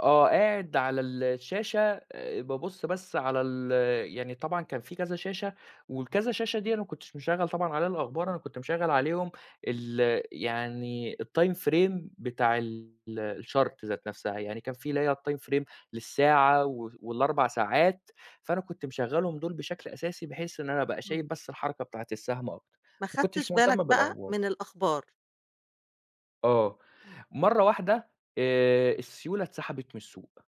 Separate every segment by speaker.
Speaker 1: آه قاعد على الشاشة، آآ بابُصّ بس على ال يعني طبعًا كان فيه كذا شاشة، والكذا شاشة دي أنا ما كنتش مشغّل طبعًا عليها الأخبار أنا كنت مشغّل عليهم، ال يعني الtime frame بتاع ال الchart ذات نفْسها، يعني كان في اللي هي الtime frame للساعة وف وال4 ساعات، فأنا كنت مشغّلهم دُول بشكل أساسي بحيث إن أنا أبقى
Speaker 2: إمم.
Speaker 1: شايف بس الحركة بتاعة السهم أكتر،
Speaker 2: ما
Speaker 1: ما
Speaker 2: خدتش
Speaker 1: كنتش
Speaker 2: بالَك
Speaker 1: مُهتَم
Speaker 2: بقى
Speaker 1: بالأخبار.
Speaker 2: من الأخبار.
Speaker 1: آه،
Speaker 2: إمم.
Speaker 1: مَرّة واحدة آآ، السيولة اتسحبت من السوق،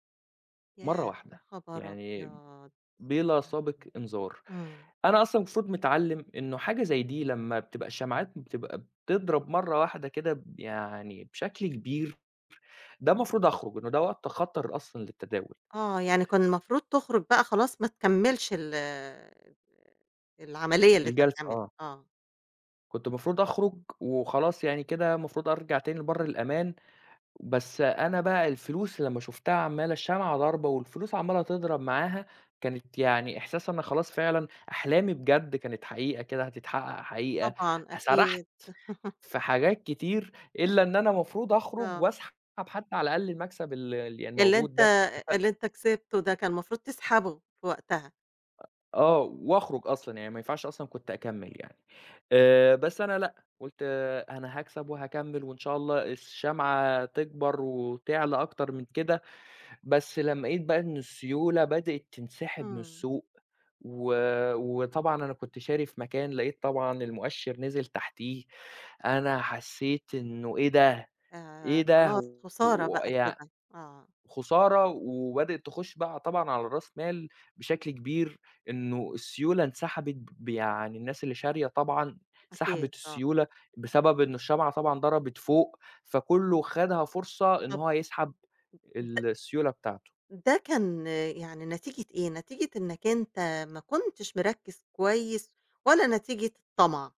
Speaker 1: مَرّة
Speaker 2: ياه! يا
Speaker 1: واحدة،
Speaker 2: خبر
Speaker 1: يعني
Speaker 2: أبيض!
Speaker 1: بلا سابق إنذار،
Speaker 2: إمم.
Speaker 1: أنا أصلًا مفروض متعلّم إنه حاجة زي دي لمّا بتبقى الشمعات بتبقى بتضرب مَرّة واحدة كده ب يعني بشكل كبير، ده مفروض أخرُج، إنه ده وقت خطر أصلًا للتداول.
Speaker 2: آه يعني كان المفروض تخرُج بقى خلاص ما تكمّلش ال العملية اللي أنت
Speaker 1: الجلسة
Speaker 2: بتعملها،
Speaker 1: آه.
Speaker 2: آه.
Speaker 1: كنت المفروض أخرُج، وخلاص يعني كده المفروض أرجع تاني لبر الأمان، بس أنا بقى الفلوس لمّا شُفتها عمّالة الشمعة ضاربة والفلوس عمّالة تضرب معاها، كانت يعني إحساسي أنا خلاص فعلًا أحلامي بجد كانت حقيقة كده هتتحقق حقيقة،
Speaker 2: طبعًا
Speaker 1: سرحت
Speaker 2: أكيد.
Speaker 1: في حاجات كتير، إلّا إن أنا مفروض أخرُج
Speaker 2: آه.
Speaker 1: وأسحب حتّى على الأقل المكسب اللي يعني اللي
Speaker 2: اللي
Speaker 1: موجود
Speaker 2: أنت
Speaker 1: ده، مث
Speaker 2: اللي أنت كسبته ده كان مفروض تسحبه، في وقتها.
Speaker 1: آه، وأخرُج أصلًا يعني ما ينفعش أصلًا كنت أكمّل يعني، آآ بس أنا لأ قُلت أنا هاكسب وهاكمّل وإن شاء الله الشمعة تكبر وتعلى أكتر من كده، بس لمّا لقيت بقى إن السيولة بدأت تنسحب من
Speaker 2: إمم.
Speaker 1: السوق، و وطبعًا أنا كنت شاري في مكان لقيت طبعًا المؤشِّر نزل تحتيه، أنا حسّيت إنه إيه ده! إيه
Speaker 2: ياه! خلاص
Speaker 1: ده!
Speaker 2: خسارة بقى
Speaker 1: ويع
Speaker 2: كده، آه.
Speaker 1: خُسارة وبدأت تخش بقى طبعًا على راس مال بشكل كبير، إنه السيولة انسحبت ب يعني الناس اللي شارية طبعًا
Speaker 2: أكيد،
Speaker 1: سحبت
Speaker 2: آه.
Speaker 1: السيولة بسبب إنه الشمعة طبعًا ضربت فوق، فكُلّه خدها فرصة إن
Speaker 2: طَب
Speaker 1: هو يسحب
Speaker 2: د
Speaker 1: السيولة بتاعته.
Speaker 2: ده كان يعني نتيجة إيه؟ نتيجة إنّك أنت ما كنتش مركّز كويس، والّا نتيجة الطَمع؟